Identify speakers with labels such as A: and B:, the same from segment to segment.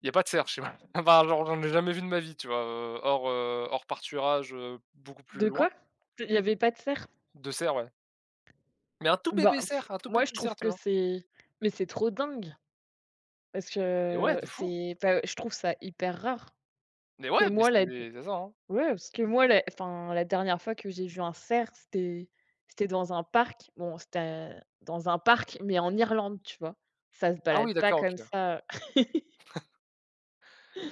A: Il y a pas de cerf chez moi. Enfin, genre je n'en ai jamais vu de ma vie, tu vois? Heu, hors, heu, hors pâturage, heu, beaucoup plus
B: De
A: loin.
B: quoi? Il y avait pas de cerf?
A: De cerfs, ouais. Mais un tout
B: Ben,
A: bébé cerf, un tout
B: moi, je
A: petit cerf,
B: trouve
A: tu
B: que
A: vois?
B: c'est mais c'est trop dingue! Parce
A: Eh! ouais,
B: que
A: de fou!
B: c'est enfin, je trouve ça hyper rare,
A: Mais ouais,
B: que
A: mais
B: moi la d
A: c'est c'est ça, hein?
B: ouais, parce que moi, la, enfin, la dernière fois que j'ai vu un cerf, c'était c'était dans un parc. Bon, c'était un dans un parc, mais en Irlande, tu vois? Ça se
A: Ah,
B: balade
A: oui,
B: pas
A: d'accord, OK,
B: comme
A: ouais.
B: ça, heu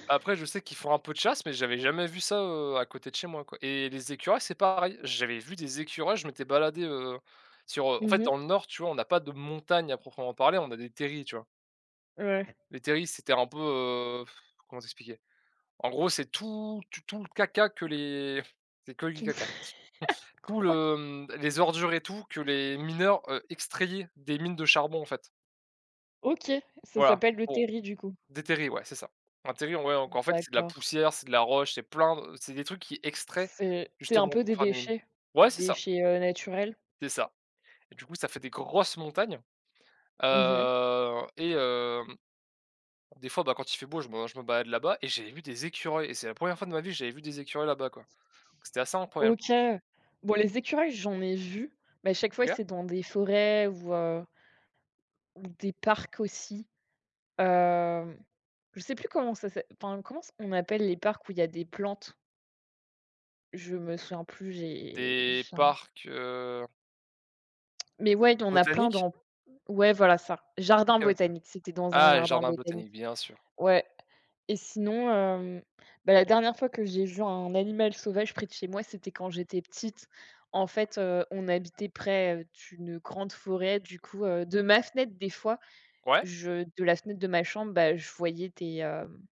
A: Après, je sais qu'ils font un peu de chasse, mais j'avais jamais vu ça, heu, à côté de chez moi, quoi et les écureuils, c'est pareil. J'avais vu des écureuils, je m'étais baladé, heu, sur heu, en
B: Mmh
A: fait,
B: mh.
A: dans le nord, tu vois, on a pas de montagne à proprement parler, on a des terrils, tu vois?
B: Ouais.
A: Les terrils, c'était un peu, heu, comment t'expliquer? En gros, c'est tout tout tout le caca que les c'est que du
B: Tu me f
A: caca, tout
B: Quoi?
A: le, mmh, les ordures et tout que les mineurs, heu, extrayaient des mines de charbon, en fait
B: OK, ça
A: voilà,
B: s'appelle le
A: bon,
B: terril, du coup.
A: des terrils, ouais, c'est ça. Un terril, en vrai, donc
B: Mmh,
A: en fait, c'est de la
B: d'accord.
A: poussière, c'est de la roche, c'est plein d c'est des trucs qu'ils extraient
B: C'est c'est un
A: justement
B: peu
A: pour
B: des
A: faire des mines.
B: déchets,
A: Ouais, c'est ça
B: déchets, heu, naturels.
A: c'est ça et du coup, ça fait des grosses montagnes,
B: Mmh mh.
A: heu et hem, des fois, bah, quand il fait beau, je me je me balade là-bas et j'avais vu des écureuils et c'est la 1re fois de ma vie que j'avais vu des écureuils là-bas, quoi. C'était assez incroyable.
B: OK. Bon, les écureuils, j'en ai vus, mais à chaque fois,
A: OK.
B: c'est dans des forêts, ou heu ou des parcs aussi. Hem, je sais plus comment ça s'est enfin, comment c on appelle les parcs où il y des plantes? Je me souviens plus, j'ai
A: Des
B: j'ai un
A: parcs, heu
B: Mais ouais, il y en a plein
A: botaniques?
B: dans ouais voilà, c'est ça,
A: OK,
B: jardin
A: OK.
B: botanique, c'était dans un
A: Ah, les
B: jardin
A: jardins
B: botanique.
A: botaniques, bien sûr!
B: Ouais et sinon, hem, bah, la dernière fois que j'ai vu un animal sauvage près de chez moi, c'était quand j'étais petite. En fait, heu, on habitait près, heu, d'une grande forêt. Du coup heu, de ma fenêtre, des fois,
A: Ouais?
B: je de la fenêtre de ma chambre, bah, je voyais des, hem